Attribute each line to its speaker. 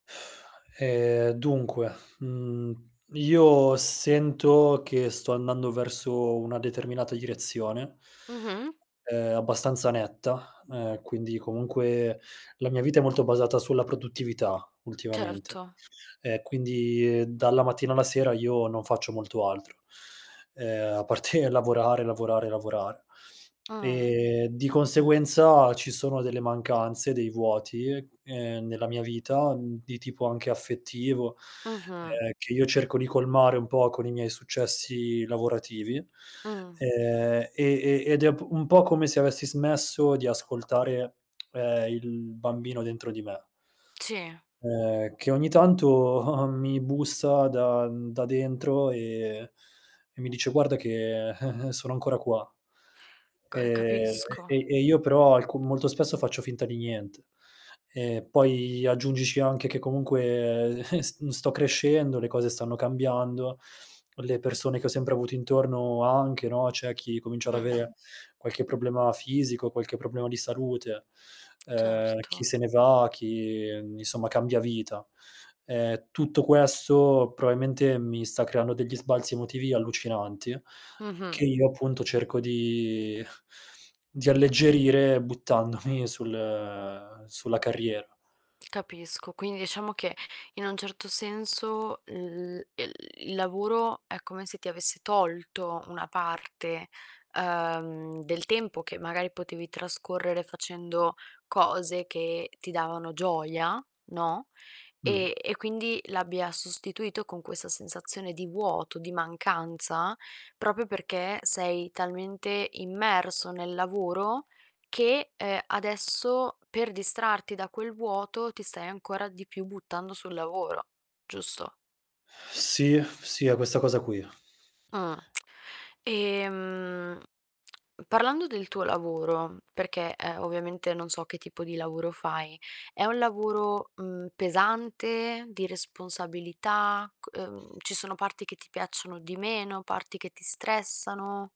Speaker 1: Ehm, dunque, mhmm, io sento che sto andando verso una determinata direzione,
Speaker 2: Mh-mh.
Speaker 1: ehm, abbastanza netta, ehm, quindi comunque la mia vita è molto basata sulla produttività ultimamente,
Speaker 2: Certo.
Speaker 1: e quindi dalla mattina alla sera io non faccio molto altro, ehm, a parte lavorare, lavorare, lavorare.
Speaker 2: Mh.
Speaker 1: Ehm, di conseguenza ci sono delle mancanze, dei vuoti, ehm, nella mia vita, mhmm, di tipo anche affettivo,
Speaker 2: Mh-mh.
Speaker 1: ehm, che io cerco di colmare un po' con i miei successi lavorativi,
Speaker 2: Mh.
Speaker 1: ehm, e e ed è p un po' come se avessi smesso di ascoltare, ehm, il bambino dentro di me,
Speaker 2: Sì.
Speaker 1: ehm, che ogni tanto, mi bussa da mhmm, da dentro e e mi dice: "Guarda che sono ancora qua".
Speaker 2: C ehm,
Speaker 1: Ehm,
Speaker 2: capisco.
Speaker 1: e e io però alcun molto spesso faccio finta di niente. E poi aggiungici anche che comunque s sto crescendo, le cose stanno cambiando, le persone che ho sempre avuto intorno anche, no, c'è chi comincia ad
Speaker 2: Mh-mh.
Speaker 1: avere qualche problema fisico, qualche problema di salute, ehm, chi
Speaker 2: Certo.
Speaker 1: se ne va, chi insomma cambia vita. Ehm, tutto questo probabilmente mi sta creando degli sbalzi emotivi allucinanti
Speaker 2: Mh-mh.
Speaker 1: che io appunto cerco di di alleggerire buttandomi sul sulla carriera.
Speaker 2: Capisco. Quindi diciamo che in un certo senso il ehm, il lavoro è come se ti avesse tolto una parte, uhm, del tempo che magari potevi trascorrere facendo cose che ti davano gioia, no,
Speaker 1: Mh.
Speaker 2: e e quindi l'abbia sostituito con questa sensazione di vuoto, di mancanza proprio perché sei talmente immerso nel lavoro che, ehm, adesso per distrarti da quel vuoto ti stai ancora di più buttando sul lavoro, giusto?
Speaker 1: Sì, sì, è questa cosa qui.
Speaker 2: Mh. Ehm, parlando del tuo lavoro, perché, ehm, ovviamente non so che tipo di lavoro fai. È un lavoro, mhmm, pesante, di responsabilità, ch ehm, ci sono parti che ti piacciono di meno, parti che ti stressano?